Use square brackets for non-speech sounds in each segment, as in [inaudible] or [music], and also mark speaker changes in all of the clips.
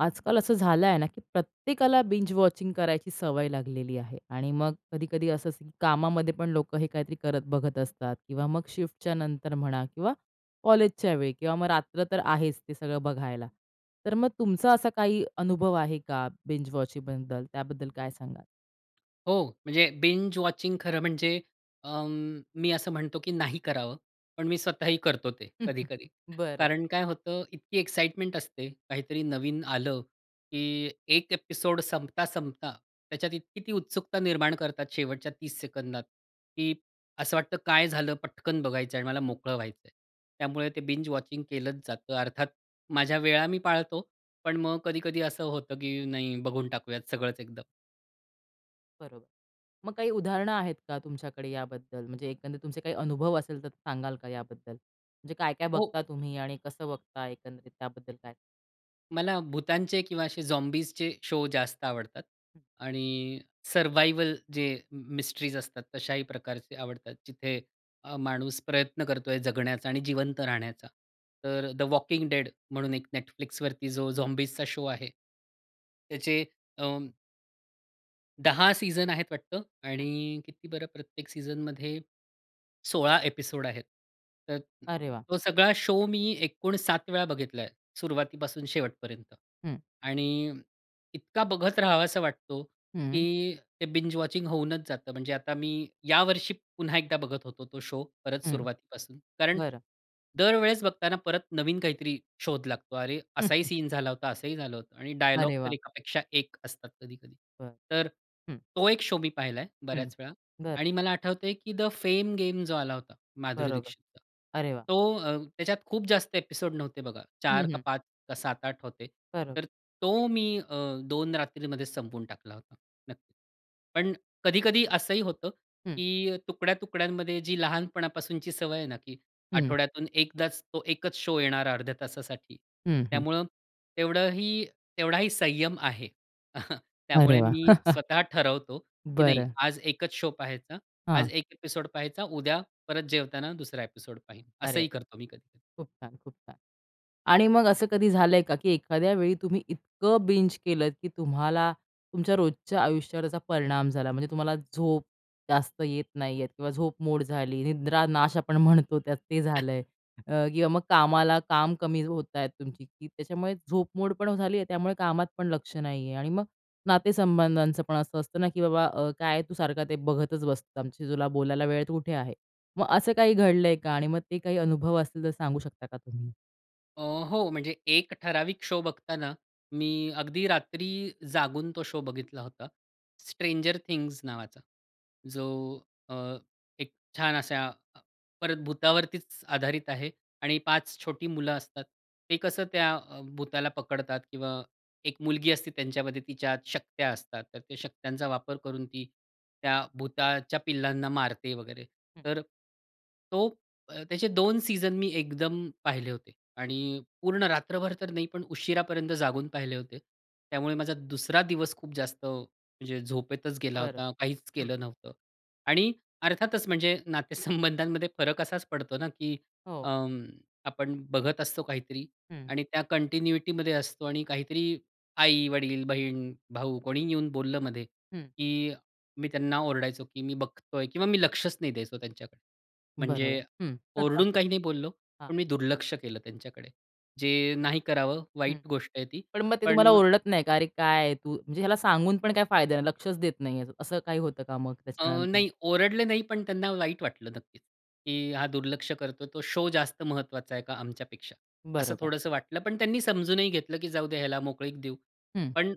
Speaker 1: आजकाल असं झालंय ना की प्रत्येकाला बिंज वॉचिंग करायची सवय लागलेली आहे. आणि मग कधी-कधी असंच कामामध्ये पण लोकं हे काहीतरी करत बघत असतात किंवा मग शिफ्टच्या नंतर म्हणा किंवा कॉलेजच्या वेळी, किंवा मग रात्र तर आहेच ते सगळं बघायला. तर मग तुमचा असा काही अनुभव आहे का बिंज वॉचिंगबद्दल त्याबद्दल काय सांगाल?
Speaker 2: हो. म्हणजे बिंज वॉचिंग खरं म्हणजे अ, मी असं म्हणतो, की नाही करावं. पण मी स्वतःही करतो ते
Speaker 1: [chuckles]
Speaker 2: कधी-कधी.
Speaker 1: बरं.
Speaker 2: कारण काय होतं, इतकी एक्साईटमेंट असते. काहीतरी नवीन आलं की एक एपिसोड संपता-संपता त्याच्यात इतकी ती उत्सुकता निर्माण करतात शेवटच्या 30 सेकंदात, की असं वाटतं, काय झालं? पटकन बघायचं आहे आणि मला मोकळं व्हायचंय. त्यामुळे ते बिंज वॉचिंग केलंच जातं. अर्थात माझ्या वेळा मी पाळतो. पण मग कधी-कधी असं होतं की नाही, बघून टाकूयात सगळंच एकदम.
Speaker 1: बरोबर. मग काही उदाहरणं आहेत का तुमच्याकडे याबद्दल? म्हणजे एकंदरीत तुमचे काही अनुभव असेल, तर सांगाल का याबद्दल? म्हणजे काय-काय
Speaker 2: हो.
Speaker 1: बघता तुम्ही आणि कसं बघता एकंदरीत त्याबद्दल काय?
Speaker 2: मला भूतांचे किंवा असे झॉम्बीजचे शो जास्त आवडतात.
Speaker 1: हं.
Speaker 2: आणि, सर्व्हायव्हल जे मिस्ट्रीज असतात तशाही प्रकारचे आवडतात. जिथे अ, माणूस प्रयत्न करतोय जगण्याचा आणि जिवंत राहण्याचा. तर द वॉकिंग डेड म्हणून एक Netflixवरती जो झॉम्बीजचा शो आहे, त्याचे अ 10 सीझन आहेत वाटतं आणि किती बरं प्रत्येक सीझनमध्ये? 16 ॲपिसोड आहेत. तर अ,
Speaker 1: अरे वाह!
Speaker 2: तो सगळा शो मी एकूण 7 वेळा बघितला आहे सुरुवातीपासून शेवटपर्यंत.
Speaker 1: हं.
Speaker 2: आणि इतका बघत राहावासा वाटतो
Speaker 1: हं.
Speaker 2: की ते बिंज वॉचिंग होऊनच जातं. म्हणजे आता मी या वर्षी पुन्हा एकदा बघत होतो तो शो परत
Speaker 1: हं.
Speaker 2: सुरुवातीपासून. कारण
Speaker 1: बरं.
Speaker 2: दरवेळेस बघताना परत नवीन काहीतरी शोध लागतो. अरे, असाही
Speaker 1: [chuckles]
Speaker 2: सीन झाला होता, असंही झालं होतं आणि डायलॉग
Speaker 1: अरे
Speaker 2: तर
Speaker 1: वाह!
Speaker 2: एकापेक्षा एक असतात कधी-कधी.
Speaker 1: बरं.
Speaker 2: तर
Speaker 1: हं.
Speaker 2: तो एक शो मी पाहिलाय
Speaker 1: हं.
Speaker 2: बऱ्याच वेळा,
Speaker 1: बरं.
Speaker 2: आणि मला आठवतंय की द फेम गेम जो आला होता माधुरी
Speaker 1: बरोबर.
Speaker 2: दीक्षितचा,
Speaker 1: अरे वाह!
Speaker 2: तो अ, त्याच्यात खूप जास्त ॲपिसोड नव्हते बघा.
Speaker 1: हं,
Speaker 2: 4 का
Speaker 1: हं.
Speaker 2: 5 का 7-8 होते.
Speaker 1: बरं.
Speaker 2: तर तो मी अ, 2 रात्रीमध्ये संपवून टाकला होता. नक्कीच, पण कधी-कधी असंही होतं
Speaker 1: हं.
Speaker 2: की तुकड्या-तुकड्यांमध्ये जी लहानपणापासूनची सवय आहे ना की
Speaker 1: हं.
Speaker 2: आठवड्यातून एकदाच तो एकच शो येणारा अर्ध्या तासासाठी.
Speaker 1: हं, हं.
Speaker 2: त्यामुळं तेवढंही तेवढाही संयम आहे. [chuckles]
Speaker 1: अरे
Speaker 2: त्यामुळे
Speaker 1: वाह!
Speaker 2: मी
Speaker 1: [chuckles]
Speaker 2: स्वतः ठरवतो की नाही
Speaker 1: बरं.
Speaker 2: आज एकच शो पहायचा. आज
Speaker 1: हां.
Speaker 2: 1 ॲपिसोड पाहायचा. उद्या परत जेवताना दुसरा ॲपिसोड पाहीन.
Speaker 1: अरे वाह!
Speaker 2: असंही करतो मी कधी-कधी.
Speaker 1: खूप छान, खूप छान. आणि मग असं कधी झालंय का की एखाद्या वेळी तुम्ही इतकं बिंज केलं की तुम्हाला तुमच्या रोजच्या आयुष्यावर त्याचा परिणाम झाला. म्हणजे तुम्हाला झोप जास्त येत नाही येत किंवा झोपमोड झाली. निद्रानाश आपण म्हणतो त्यात ते झालंय अ, किंवा मग कामाला काम कमी होत आहेत तुमची, की त्याच्यामुळे झोपमोड पण झाली आहे, त्यामुळे कामात पण लक्ष नाही आहे आणि मग नातेसंबंधांच पण असं असतं ना की बाबा अ, काय आहे तू सारखा ते बघतच बसतो. आमच्याशी तुला बोलायला वेळ कुठे आहे? मग असं काही घडलंय का? आणि मग ते काही अनुभव असतील तर सांगू शकता का तुम्ही?
Speaker 2: अ, हो म्हणजे एक ठराविक शो बघताना मी अगदी रात्री जागून तो शो बघितला होता. स्ट्रेंजर थिंग्स नावाचा. जो अ, एक छान असा अ, परत भुतावरतीच आधारित आहे आणि 5 छोटी मुलं असतात. ते कसं त्या अ, भुताला पकडतात किंवा 1 मुलगी असते त्यांच्यामध्ये तिच्या शक्त्या असतात. तर त्या शक्त्यांचा वापर करून ती त्या भुताच्या पिल्लांना मारते वगैरे.
Speaker 1: हं.
Speaker 2: तर तो अ, त्याचे 2 सीझन मी एकदम पाहिले होते आणि पूर्ण रात्रभर तर नाही, पण उशिरापर्यंत जागून पाहिले होते. त्यामुळे माझा दुसरा दिवस खूप जास्त म्हणजे झोपेतच गेला
Speaker 1: बरं.
Speaker 2: होता. काहीच
Speaker 1: हं.
Speaker 2: केलं नव्हतं. आणि अर्थातच म्हणजे नातेसंबंधांमध्ये फरक असाच पडतो ना की
Speaker 1: हो.
Speaker 2: अं, आपण बघत असतो काहीतरी
Speaker 1: हं.
Speaker 2: आणि त्या कंटिन्युइटीमध्ये असतो. आणि काहीतरी आई-वडील, बहीण-भाऊ कोणीही येऊन बोललं मध्ये,
Speaker 1: हं.
Speaker 2: की मी त्यांना ओरडायचो की मी बघतोय किंवा मी लक्षच नाही द्यायचो त्यांच्याकडे.
Speaker 1: बरोबर,
Speaker 2: म्हणजे
Speaker 1: हं.
Speaker 2: ओरडून काही नाही बोललो.
Speaker 1: [chuckles] हां.
Speaker 2: पण मी दुर्लक्ष केलं त्यांच्याकडे, जे
Speaker 1: अच्छा,
Speaker 2: नाही करावं,
Speaker 1: हं.
Speaker 2: वाईट गोष्ट आहे ती.
Speaker 1: पण मग ते तुम्हाला
Speaker 2: पण
Speaker 1: ओरडत नाही का? "अरे काय तू? म्हणजे ह्याला सांगून पण काय फायदा नाही. लक्षच देत नाही आहे." असं काही होतं का मग
Speaker 2: अ,
Speaker 1: त्याच्यानंतर?
Speaker 2: नाही, ओरडले नाही. पण त्यांना वाईट वाटलं नक्कीच, की हा दुर्लक्ष करतो. तो शो जास्त महत्वाचा आहे का आमच्यापेक्षा? असं
Speaker 1: बरोबर.
Speaker 2: थोडंसं वाटलं पण त्यांनी समजूनही घेतलं, की जाऊदे याला मोकळीक देऊ.
Speaker 1: हं.
Speaker 2: पण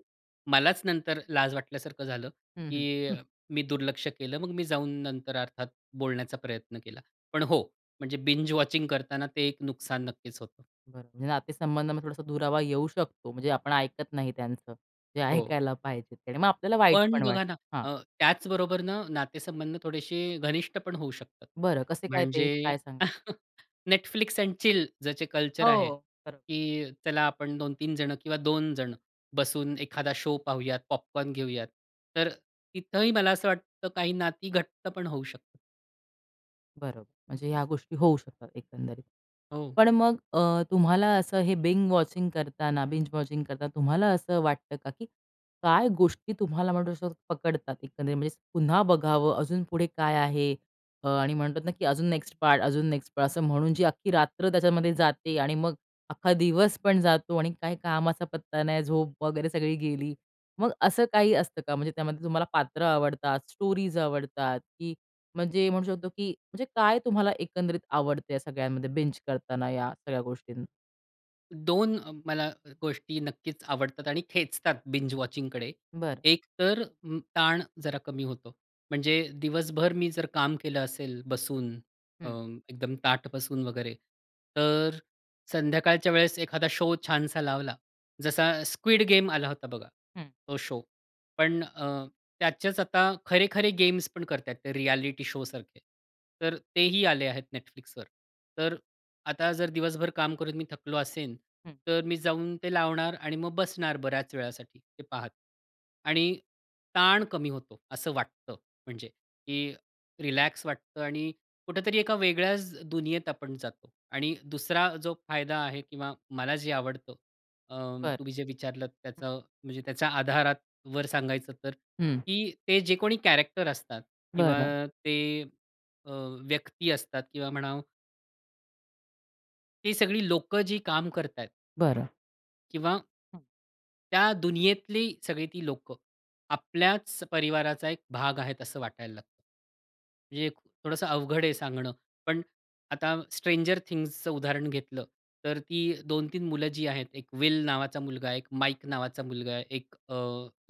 Speaker 2: मलाच नंतर लाज वाटल्यासारखं झालं,
Speaker 1: हं, हं.
Speaker 2: की
Speaker 1: [unintelligible]
Speaker 2: मी दुर्लक्ष केलं. मग मी जाऊन नंतर अर्थात बोलण्याचा प्रयत्न केला. पण हो, म्हणजे बिंज वॉचिंग करतांना ते एक नुकसान नक्कीच होतं.
Speaker 1: बरं, म्हणजे नातेसंबंधामध्ये थोडासा दुरावा येऊ शकतो. म्हणजे आपण ऐकत नाही त्यांचं, जे
Speaker 2: हो.
Speaker 1: ऐकायला पाहिजे आणि मग आपल्याला वाईट
Speaker 2: पण अ,
Speaker 1: पण वाट
Speaker 2: बघा ना,
Speaker 1: हां.
Speaker 2: अ, त्याचबरोबर न नातेसंबंध थोडेशे घनिष्ठ पण होऊ शकतात.
Speaker 1: बरं कसे काय ते,
Speaker 2: म्हणजे
Speaker 1: काय सांगा?
Speaker 2: [chuckles] Netflix एंड चिल ज्याचे कल्चर आहे,
Speaker 1: हो. खरं.
Speaker 2: की चला आपण 2-3 जण किंवा 2 जण बसून एखादा शो पाहूयात, पॉपकॉर्न घेऊयात. तर अ, तिथंही मला असं वाटतं काही नाती घट्ट पण होऊ शकतात.
Speaker 1: बरोबर. म्हणजे ह्या गोष्टी होऊ शकतात एकंदरीत.
Speaker 2: हो.
Speaker 1: पण मग अ, तुम्हाला असं हे बिंग वॉचिंग करताना बिंज वॉचिंग करताना तुम्हाला असं वाटतं का, की काय गोष्टी तुम्हाला म्हणू शकतो पकडतात एकंदरीत, म्हणजे पुन्हा बघावं अ, अजून पुढे काय आहे? अ, आणि म्हणतात ना की अजून नेक्स्ट पार्ट अजून नेक्स्ट पार्ट, असं म्हणून जी अख्खी रात्र त्याच्यामध्ये जाते आणि मग अख्खा दिवस पण जातो आणि काय कामाचा पत्ता नाही, झोप वगैरे सगळी गेली, मग असं काही असतं का? म्हणजे त्यामध्ये तुम्हाला पात्र आवडतात, स्टोरीज आवडतात, की म्हणजे म्हणू शकतो की म्हणजे काय तुम्हाला एकंदरीत आवडतं या सगळ्यांमध्ये बिंज करताना या सगळ्या गोष्टीं?
Speaker 2: 2 अ, मला अ, गोष्टी नक्कीच आवडतात आणि खेचतात बिंज वॉचिंगकडे.
Speaker 1: बरं.
Speaker 2: एक तर अ, ताण जरा कमी होतो. म्हणजे, दिवसभर मी जर काम केलं असेल बसून, अ,
Speaker 1: हं.
Speaker 2: एकदम ताठ बसून वगैरे, तर अ, संध्याकाळच्या वेळेस एखादा शो छानसा लावला, जसा, स्क्विड गेम आला होता बघा.
Speaker 1: हं.
Speaker 2: तो शो. पण अ, त्याचेच आता खरे-खरे गेम्स पण करताहेत. ते रिएलिटी शो सारखे. तर तेही आले आहेत Netflixवर. तर अ, आता जर दिवसभर काम करून मी थकलो असेन,
Speaker 1: हं.
Speaker 2: तर मी जाऊन ते लावणार आणि मग बसणार बऱ्याच वेळासाठी, ते पाहत. आणि ताण कमी होतो, असं वाटतं. म्हणजे, की रिलॅक्स वाटतं आणि कुठेतरी एका वेगळ्याच दुनियेत आपण जातो आणि दुसरा जो फायदा आहे किंवा मला जे आवडतं, अ,
Speaker 1: बरं.
Speaker 2: तुम्ही जे विचारलत
Speaker 1: हं.
Speaker 2: त्याचं, म्हणजे त्याच्या आधारावर सांगायचं तर,
Speaker 1: हं.
Speaker 2: की ते जे कोणी कॅरेक्टर असतात किंवा
Speaker 1: बरं.
Speaker 2: ते, अ, व्यक्ती असतात किंवा म्हणाव ही सगळी लोकं जी काम करतायेत
Speaker 1: बरं.
Speaker 2: किंवा
Speaker 1: हं.
Speaker 2: त्या दुनियेतली सगळी ती लोकं. आपल्याच परिवाराचा एक भाग आहेत, असं वाटायला लागतं. म्हणजे थोडंसं अवघड आहे सांगणं. पण आता स्ट्रेंजर थिंग्सचं उदाहरण घेतलं. तर ती 2-3 मुलं जी आहेत, एक वेल नावाचा मुलगा आहे, एक माईक नावाचा मुलगा आहे, एक अ,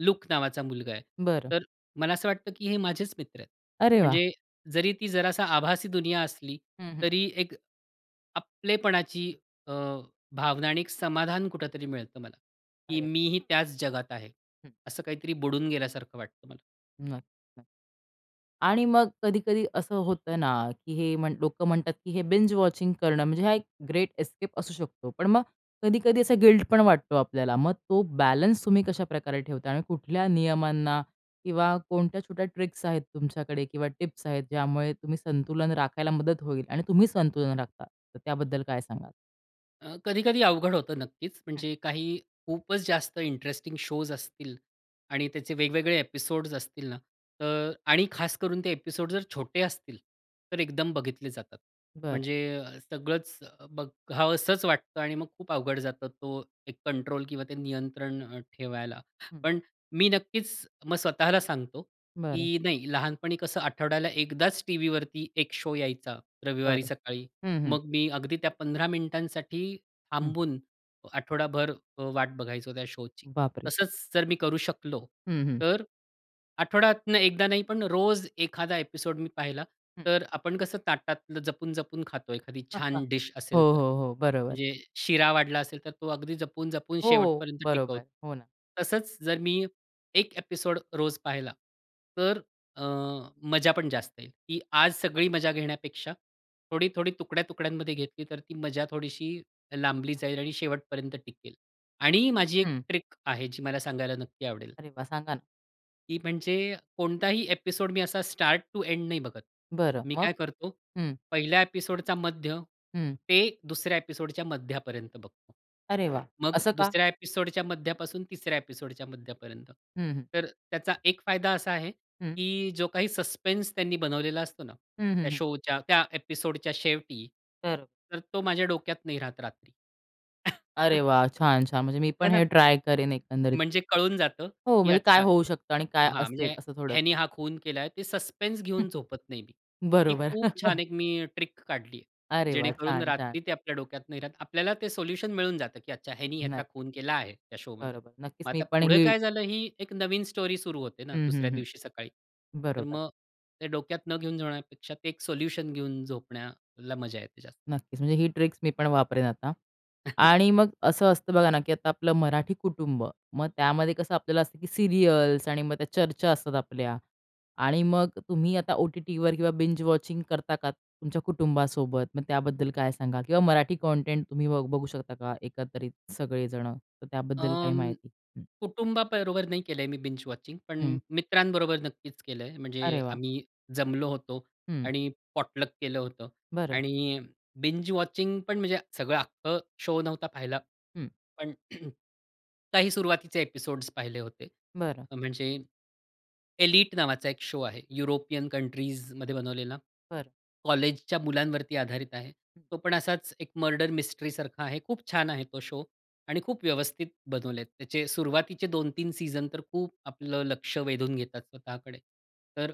Speaker 2: लूक नावाचा मुलगा आहे.
Speaker 1: बरं.
Speaker 2: तर मला असं वाटतं की हे माझेच मित्र आहेत.
Speaker 1: अरे वाह!
Speaker 2: म्हणजे जरी ती जरासा आभासी दुनिया असली.
Speaker 1: हं, हं.
Speaker 2: तरी एक आपलेपणाची अ, भावना आणि एक समाधान कुठेतरी मिळतं मला, की
Speaker 1: अरे!
Speaker 2: मी ही त्याच जगात आहे.
Speaker 1: हं.
Speaker 2: असं काहीतरी बुडून गेल्यासारखं वाटतं मला.
Speaker 1: नक्की. आणि मग कधी-कधी असं होतं ना, की हे म्हण लोकं म्हणतात की हे बिंज वॉचिंग करणं म्हणजे हा एक ग्रेट एस्केप असू शकतो. पण मग कधी-कधी असा गिल्ट पण वाटतो आपल्याला. मग तो बॅलन्स तुम्ही कशा प्रकारे ठेवता. आणि कुठल्या नियमांना किंवा कोणत्या छोट्या ट्रिक्स आहेत तुमच्याकडे किंवा टिप्स आहेत. ज्यामुळे तुम्ही संतुलन राखायला मदत होईल. आणि तुम्ही संतुलन राखता. तर त्याबद्दल काय सांगाल?
Speaker 2: अ, कधी-कधी अवघड होतं नक्कीच,
Speaker 1: हं.
Speaker 2: म्हणजे काही खूपच जास्त इंटरेस्टिंग शोज असतील आणि त्याचे वेगवेगळे एपिसोड्स असतील ना, तर आणि खास करून ते एपिसोड जर छोटे असतील, तर एकदम बघितले जातात.
Speaker 1: बरं.
Speaker 2: म्हणजे अ, सगळंच बघावसंच वाटतं आणि मग खूप अवघड जातं, तो एक कंट्रोल किंवा ते नियंत्रण अ, ठेवायला.
Speaker 1: हं.
Speaker 2: पण अ, मी नक्कीच मग स्वतःला सांगतो,
Speaker 1: बरं.
Speaker 2: की नाही लहानपणी कसं आठवड्याला एकदाच, टीव्हीवरती एक शो यायचा, रविवारी
Speaker 1: बरं.
Speaker 2: सकाळी.
Speaker 1: हं, हं.
Speaker 2: मग मी अगदी त्या 15 मिनिटांसाठी
Speaker 1: हं.
Speaker 2: थांबून आठवडाभर अ, वाट बघायचो त्या शोची.
Speaker 1: बाप रे!
Speaker 2: तसंच जर मी करू शकलो,
Speaker 1: हं, हं.
Speaker 2: तर अ, आठवड्यातनं एकदा नाही, पण रोज एखादा एपिसोड मी पाहिला,
Speaker 1: हं.
Speaker 2: तर अ, आपण कसं ताटातलं जपून-जपून खातो, एखादी
Speaker 1: [chuckles]
Speaker 2: छान डिश असेल
Speaker 1: हो,
Speaker 2: तर.
Speaker 1: हो, हो. बरोबर.
Speaker 2: म्हणजे शिरा वाढला असेल तर तो अगदी जपून-जपून
Speaker 1: हो,
Speaker 2: शेवटपर्यंत टिकवतो.
Speaker 1: बरोबर. हो ना.
Speaker 2: तसंच जर मी एक एपिसोड रोज पाहिला तर अ, मजा पण जास्त येईल. ती आज सगळी मजा घेण्यापेक्षा थोडी-थोडी तुकड्या-तुकड्यांमध्ये घेतली तर ती मजा थोडीशी लांबली जाईल आणि शेवटपर्यंत टिकेल आणि माझी एक
Speaker 1: हं.
Speaker 2: ट्रिक आहे जी मला सांगायला नक्की आवडेल.
Speaker 1: अरे वाह! सांगा ना?
Speaker 2: ती म्हणजे कोणताही एपिसोड मी असा स्टार्ट टू एंड नाही बघत.
Speaker 1: बरं
Speaker 2: मी
Speaker 1: मग?
Speaker 2: काय करतो?
Speaker 1: हं.
Speaker 2: पहिल्या एपिसोडचा मध्य
Speaker 1: हं.
Speaker 2: ते दुसऱ्या एपिसोडच्या मध्यापर्यंत बघतो.
Speaker 1: अरे वा!
Speaker 2: मग
Speaker 1: असं का?
Speaker 2: दुसऱ्या एपिसोडच्या मध्यापासून तिसऱ्या एपिसोडच्या मध्यापर्यंत.
Speaker 1: हं, हं.
Speaker 2: तर त्याचा एक फायदा असा आहे,
Speaker 1: हं.
Speaker 2: की जो काही सस्पेन्स त्यांनी बनवलेला असतो ना
Speaker 1: हं, हं,
Speaker 2: त्या
Speaker 1: हं.
Speaker 2: शोच्या त्या एपिसोडच्या शेवटी,
Speaker 1: तर, अ
Speaker 2: तर तो माझ्या डोक्यात नाही राहत रात्री.
Speaker 1: अरे
Speaker 2: [chuckles]
Speaker 1: वा! छान, छान. म्हणजे मी
Speaker 2: है
Speaker 1: पण
Speaker 2: ना?
Speaker 1: हे ट्राय करेन एकंदरीत.
Speaker 2: म्हणजे कळून जातं,
Speaker 1: हो.
Speaker 2: की
Speaker 1: म्हणजे काय
Speaker 2: अच्छा
Speaker 1: होऊ शकतं? आणि काय
Speaker 2: हां,
Speaker 1: असेल?
Speaker 2: म्हणजे
Speaker 1: असं
Speaker 2: ह्यानी
Speaker 1: थोडंसं.
Speaker 2: हा खून केलाय. ते सस्पेन्स घेऊन
Speaker 1: [chuckles]
Speaker 2: झोपत नाही मी. ती
Speaker 1: बरोबर.
Speaker 2: खूप छान
Speaker 1: [chuckles]
Speaker 2: एक मी अं, ट्रिक काढली.
Speaker 1: अरे वा!
Speaker 2: जेणेकरून
Speaker 1: छान, छान.
Speaker 2: रात्री ते आपल्या डोक्यात नाही राहत. आपल्याला ते सोल्युशन मिळून जातं, की अच्छा ह्यानी ह्याचा
Speaker 1: नक
Speaker 2: खून केला आहे त्या शोमध्ये.
Speaker 1: बरोबर, नक्कीच
Speaker 2: मग
Speaker 1: मी
Speaker 2: आता
Speaker 1: पण
Speaker 2: पुढे
Speaker 1: ही
Speaker 2: काय झालं ही एक नवीन स्टोरी सुरू होते ना
Speaker 1: हं, हं,
Speaker 2: दुसऱ्या दिवशी सकाळी.
Speaker 1: हं.
Speaker 2: तर
Speaker 1: बरोबर.
Speaker 2: मग ते डोक्यात न घेऊन जाण्यापेक्षा ते एक सोल्युशन घेऊन झोपण्याला मजा येते जास्त.
Speaker 1: नक्कीच म्हणजे ही ट्रिक मी पण वापरेन आता
Speaker 2: [chuckles]
Speaker 1: आणि मग असं असतं बघा ना, की आता आपलं मराठी कुटुंब. मग त्यामध्ये कसं आपल्याला असतं की सीरियल्स आणि मग त्या चर्चा असतात आपल्या आणि मग तुम्ही आता ओ-टी-टीवर किंवा बिंज वॉचिंग करता का तुमच्या कुटुंबासोबत? मग त्याबद्दल काय सांगाल किंवा मराठी कॉन्टेंट तुम्ही बघू बघू शकता का एकत्रित सगळे जण? तर त्याबद्दल काही
Speaker 2: अं,
Speaker 1: माहिती? हं.
Speaker 2: कुटुंबाबरोबर नाही केलंय मी बिंज वॉचिंग. पण
Speaker 1: हं.
Speaker 2: मित्रांबरोबर नक्कीच केलंय. म्हणजे
Speaker 1: अरे वा!
Speaker 2: आम्ही जमलो होतो
Speaker 1: हं.
Speaker 2: आणि पॉटलक केलं होतं
Speaker 1: बरं.
Speaker 2: आणि बिंज वॉचिंग पण म्हणजे सगळं अख्खं शो नव्हता पाहिला.
Speaker 1: हं.
Speaker 2: पण [clears throat] काही सुरुवातीचे एपिसोड्स पाहिले होते.
Speaker 1: बरं.
Speaker 2: म्हणजे एलीट नावाचा एक शो आहे युरोपियन कंट्रीजमध्ये बनवलेला.
Speaker 1: बरं.
Speaker 2: कॉलेजच्या मुलांवरती आधारित आहे. तो पण असाच एक मर्डर मिस्ट्रीसारखा आहे. खूप छान आहे तो शो आणि खूप व्यवस्थित बनवलेत. त्याचे सुरुवातीचे 2-3 सीझन तर खूप आपलं लक्ष वेधून घेतात स्वतःकडे. तर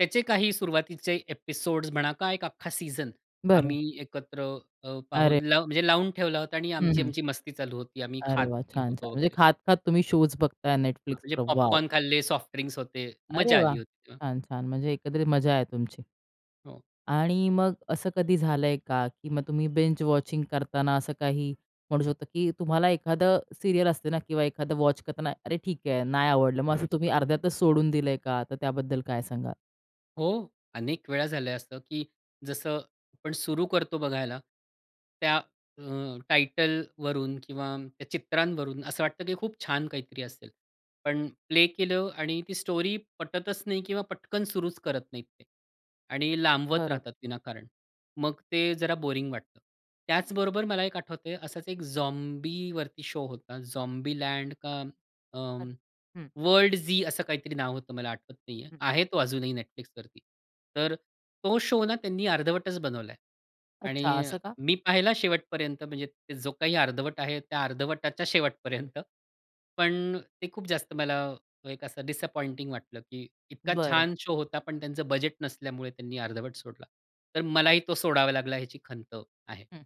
Speaker 2: त्याचे काही सुरुवातीचे एपिसोड्स म्हणा का एक अख्खा सीझन
Speaker 1: बरं.
Speaker 2: आम्ही एकत्र अ,
Speaker 1: अरे.
Speaker 2: पाहून ला म्हणजे लावून ठेवला होता आणि
Speaker 1: हं, हं.
Speaker 2: आमची-आमची मस्ती चालू होती आम्ही
Speaker 1: अरे वा!
Speaker 2: खात-पीत
Speaker 1: छान-छान.
Speaker 2: होतो
Speaker 1: म्हणजे
Speaker 2: वगैरे.
Speaker 1: खात-खात तुम्ही शोज बघताय
Speaker 2: हां, म्हणजे
Speaker 1: Netflixवर. वॉव!
Speaker 2: पॉपकॉर्न खाल्ले, सॉफ्ट ड्रिंक्स होते,
Speaker 1: अरे
Speaker 2: मजा
Speaker 1: वाह!
Speaker 2: आली होती तेव्हा.
Speaker 1: छान, छान. म्हणजे एकत्रित मजा आहे तुमची
Speaker 2: हो.
Speaker 1: आणि मग असं कधी झालंय का? की मग तुम्ही बिंज वॉचिंग करताना असं काही म्हणू शकतो की तुम्हाला एखादं सीरियल असते ना किंवा एखादं वॉच करताना, अरे ठीक आहे नाही आवडलं मग असं तुम्ही अर्ध्यातच सोडून दिलंय का? तर त्याबद्दल काय सांगाल?
Speaker 2: हो, अनेक वेळा झालंय असं, की जसं आपण सुरु करतो बघायला त्या अ, टायटलवरून किंवा त्या चित्रांवरून असं वाटतं की खूप छान काहीतरी असेल, पण प्ले केलं आणि ती स्टोरी पटतच नाही किंवा पटकन सुरूच करत नाहीत ते. आणि लांबवत
Speaker 1: बरोबर.
Speaker 2: राहतात विनाकारण. मग ते जरा बोरिंग वाटतं. त्याचबरोबर मला एक आठवतंय असाच एक झॉम्बीवरती शो होता. झॉम्बी लँड का अ,
Speaker 1: [unintelligible] हं.
Speaker 2: वर्ल्ड झी असं काहीतरी नाव होतं, मला आठवत नाही आहे.
Speaker 1: हं.
Speaker 2: आहे तो अजूनही Netflixवरती. तर अ, तो शो ना त्यांनी अर्धवटच बनवला आहे
Speaker 1: अच्छा,
Speaker 2: आणि अ,
Speaker 1: असं का?
Speaker 2: मी पाहिला शेवटपर्यंत म्हणजे जो काही अर्धवट आहे त्या अर्धवटाच्या शेवटपर्यंत, पण अ, ते खूप जास्त मला एक असं डिसअपॉइंटिंग वाटलं की इतका
Speaker 1: बरं.
Speaker 2: छान शो होता, पण त्यांचं बजेट नसल्यामुळे त्यांनी अर्धवट सोडला. तर
Speaker 1: हो.
Speaker 2: मलाही तो सोडावा लागला, याची खंत आहे.
Speaker 1: हं.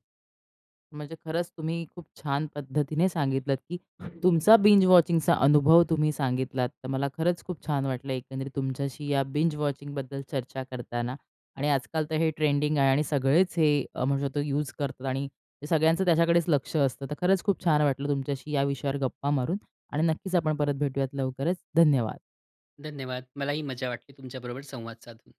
Speaker 1: म्हणजे खरंच तुम्ही खूप छान पद्धतीने सांगितलंत की तुमचा बिंज वॉचिंगचा अनुभव तुम्ही सांगितलात. तर मला खरंच खूप छान वाटलं एकंदरीत तुमच्याशी या बिंज वॉचिंगबद्दल चर्चा करताना आणि आजकाल तर हे ट्रेंडिंग आहे आणि सगळेच हे अ, म्हणू शकतो यूज करतात आणि सगळ्यांचं त्याच्याकडेच लक्ष असतं. तर खरंच खूप छान वाटलं तुमच्याशी या विषयावर गप्पा मारून आणि नक्कीच आपण परत भेटूयात लवकरच. धन्यवाद.
Speaker 2: धन्यवाद. मलाही मजा वाटली तुमच्याबरोबर संवाद साधून.